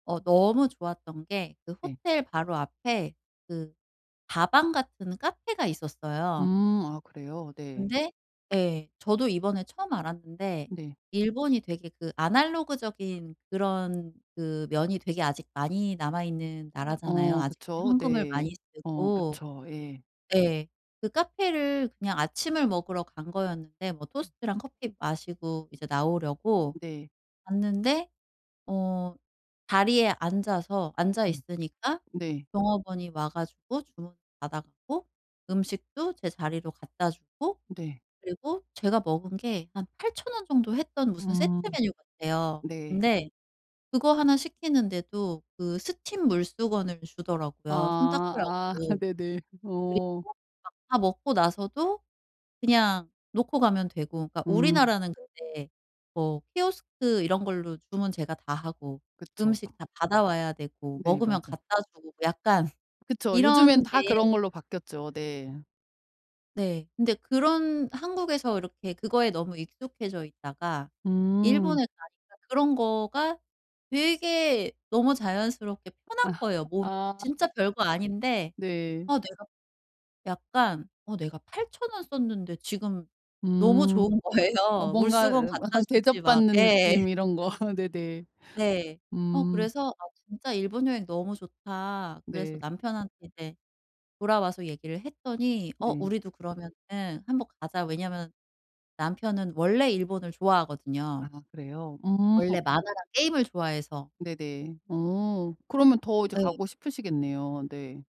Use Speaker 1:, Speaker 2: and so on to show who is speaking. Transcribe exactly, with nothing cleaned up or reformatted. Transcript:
Speaker 1: 어 너무 좋았던 게 그
Speaker 2: 네.
Speaker 1: 호텔 바로 앞에 그 다방 같은 카페가 있었어요.
Speaker 2: 음. 아 그래요? 네.
Speaker 1: 근데 예 저도 이번에 처음 알았는데
Speaker 2: 네.
Speaker 1: 일본이 되게 그 아날로그적인 그런 그 면이 되게 아직 많이 남아있는
Speaker 2: 어
Speaker 1: 나라잖아요
Speaker 2: 어
Speaker 1: 아직도
Speaker 2: 그쵸.
Speaker 1: 현금을
Speaker 2: 네.
Speaker 1: 많이
Speaker 2: 어
Speaker 1: 쓰고.
Speaker 2: 그쵸. 예.
Speaker 1: 예. 그 카페를 그냥 아침을 먹으러 간 거였는데 뭐
Speaker 2: 음.
Speaker 1: 토스트랑 커피 마시고 이제
Speaker 2: 어
Speaker 1: 나오려고
Speaker 2: 네.
Speaker 1: 갔는데 어 자리에 앉아서 앉아
Speaker 2: 네.
Speaker 1: 있으니까
Speaker 2: 네.
Speaker 1: 종업원이 와 가지고 주문을 받아 갖고 음식도 제 자리로 갖다 주고
Speaker 2: 네.
Speaker 1: 그리고 제가 먹은 게 한 팔천 원 정도 했던 무슨 세트
Speaker 2: 음.
Speaker 1: 메뉴 같아요.
Speaker 2: 네.
Speaker 1: 근데 그거 하나 시키는데도 그 스팀 물수건을 주더라고요 손
Speaker 2: 아 아
Speaker 1: 닦으라고.
Speaker 2: 네네.
Speaker 1: 그리고
Speaker 2: 어.
Speaker 1: 막 다 먹고 나서도 그냥 놓고 가면 되고. 그러니까
Speaker 2: 음.
Speaker 1: 우리나라는 근데 뭐 키오스크 이런 걸로 주문 제가 다 하고
Speaker 2: 그쵸. 어.
Speaker 1: 음식 다 받아 와야 되고
Speaker 2: 네.
Speaker 1: 먹으면
Speaker 2: 맞아.
Speaker 1: 갖다 주고 뭐 약간
Speaker 2: 그쵸. 요즘엔
Speaker 1: 이런
Speaker 2: 다
Speaker 1: 게
Speaker 2: 그런 걸로 바뀌었죠. 네.
Speaker 1: 네. 근데 그런 한국에서 이렇게 그거에 너무 익숙해져 있다가
Speaker 2: 음.
Speaker 1: 일본에 가니까 그런 거가 되게 너무 자연스럽게
Speaker 2: 아
Speaker 1: 편한 거예요 몸이.
Speaker 2: 아.
Speaker 1: 진짜 별거 아닌데
Speaker 2: 네.
Speaker 1: '아 내가' 약간 '어 내가 팔천 원 썼는데 지금.' 너무
Speaker 2: 음.
Speaker 1: 좋은
Speaker 2: 어
Speaker 1: 거예요.
Speaker 2: 뭔가
Speaker 1: 물수건 갖다 주지 막
Speaker 2: 대접받는
Speaker 1: 예.
Speaker 2: 느낌 이런 거. 네네.
Speaker 1: 네. 어
Speaker 2: 음.
Speaker 1: 그래서 '아 진짜 일본 여행 너무 좋다.' 그래서
Speaker 2: 네.
Speaker 1: 남편한테 이제 돌아와서 얘기를 했더니 "어
Speaker 2: 응.
Speaker 1: 우리도 그러면은 한번 가자." 왜냐면 남편은 원래 일본을 좋아하거든요
Speaker 2: 아 그래요? 음.
Speaker 1: 원래 만화랑 게임을 좋아해서.
Speaker 2: 네네. 어 그러면 더 이제
Speaker 1: 예.
Speaker 2: 가고 싶으시겠네요. 네.